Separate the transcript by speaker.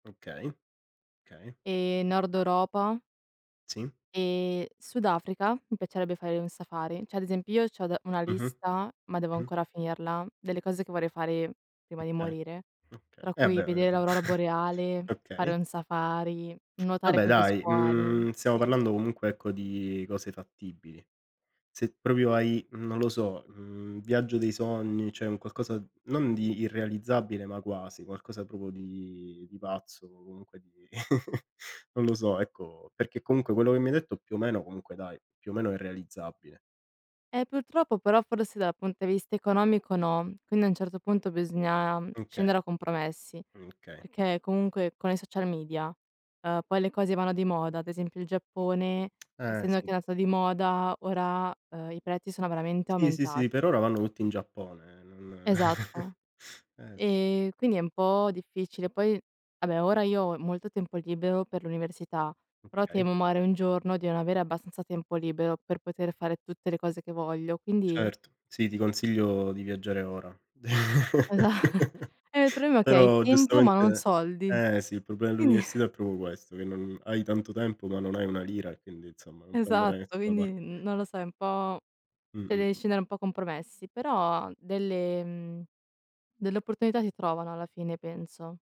Speaker 1: Okay, okay.
Speaker 2: Ehm, nord Europa
Speaker 1: Sì.
Speaker 2: ehm, Sud Africa, mi piacerebbe fare un safari. Cioè ad esempio, io c'ho da una
Speaker 1: Mh-mh.
Speaker 2: lista, ma devo
Speaker 1: Mh.
Speaker 2: ancora finirla, delle cose che vorrei fare prima di
Speaker 1: Okay,
Speaker 2: morire,
Speaker 1: okay.
Speaker 2: tra
Speaker 1: Eh,
Speaker 2: cui
Speaker 1: beh,
Speaker 2: vedere
Speaker 1: uhm.
Speaker 2: l'aurora boreale, fare
Speaker 1: Okay.
Speaker 2: un safari, nuotare
Speaker 1: Vabbè,
Speaker 2: con gli
Speaker 1: dai,
Speaker 2: squali.
Speaker 1: mhmm, stiamo
Speaker 2: Sì.
Speaker 1: parlando, comunque, ecco, di cose fattibili. Se proprio hai, non lo so, mhmm, viaggio dei sogni, cioè un qualcosa non di irrealizzabile ma quasi, qualcosa proprio di di pazzo o comunque di non lo so, ecco, perché, comunque, quello che mi hai detto, più o meno, comunque, dai, più o meno è realizzabile.
Speaker 2: Eh, purtroppo, però, forse, dal punte vista economico, no, quindi a un certo punto, bisogna
Speaker 1: Okay.
Speaker 2: scendere a compromessi,
Speaker 1: Okay.
Speaker 2: perché, comunque, con i social media, uhm, poi le cose vanno di moda, ad esempio il Giappone,
Speaker 1: Eh,
Speaker 2: essendo
Speaker 1: sì.
Speaker 2: che è andato di moda, ora, uhm, i prezzi sono veramente
Speaker 1: Sì, sì, sì. Per
Speaker 2: aumentati.
Speaker 1: ora, vanno tutti in Giappone, non
Speaker 2: Esatto.
Speaker 1: eh.
Speaker 2: Ehm, quindi è un po' difficile. Poi, vabbè, ora io ho molto tempo libero per l'università, però
Speaker 1: Okay.
Speaker 2: temo, magari, un giorno di non avere abbastanza tempo libero, per poter fare tutte le cose che voglio, quindi
Speaker 1: Certo, sì, ti consiglio di viaggiare ora.
Speaker 2: Esa ehm, problema è che hai
Speaker 1: Però,
Speaker 2: tempo, ma non
Speaker 1: giustamente
Speaker 2: soldi.
Speaker 1: eh, sì, il problema
Speaker 2: E nie
Speaker 1: dell'università è proprio questo, che non hai tanto tempo, ma non hai una lira, quindi, insomma, non puoi andare da
Speaker 2: Esatto,
Speaker 1: nessuna pa
Speaker 2: quindi, non lo so, è un po' cioè
Speaker 1: Mh-mh,
Speaker 2: devi
Speaker 1: mh.
Speaker 2: scendere un po' a compromessi, però delle mhmm, delle opportunità si trovano alla fine, penso.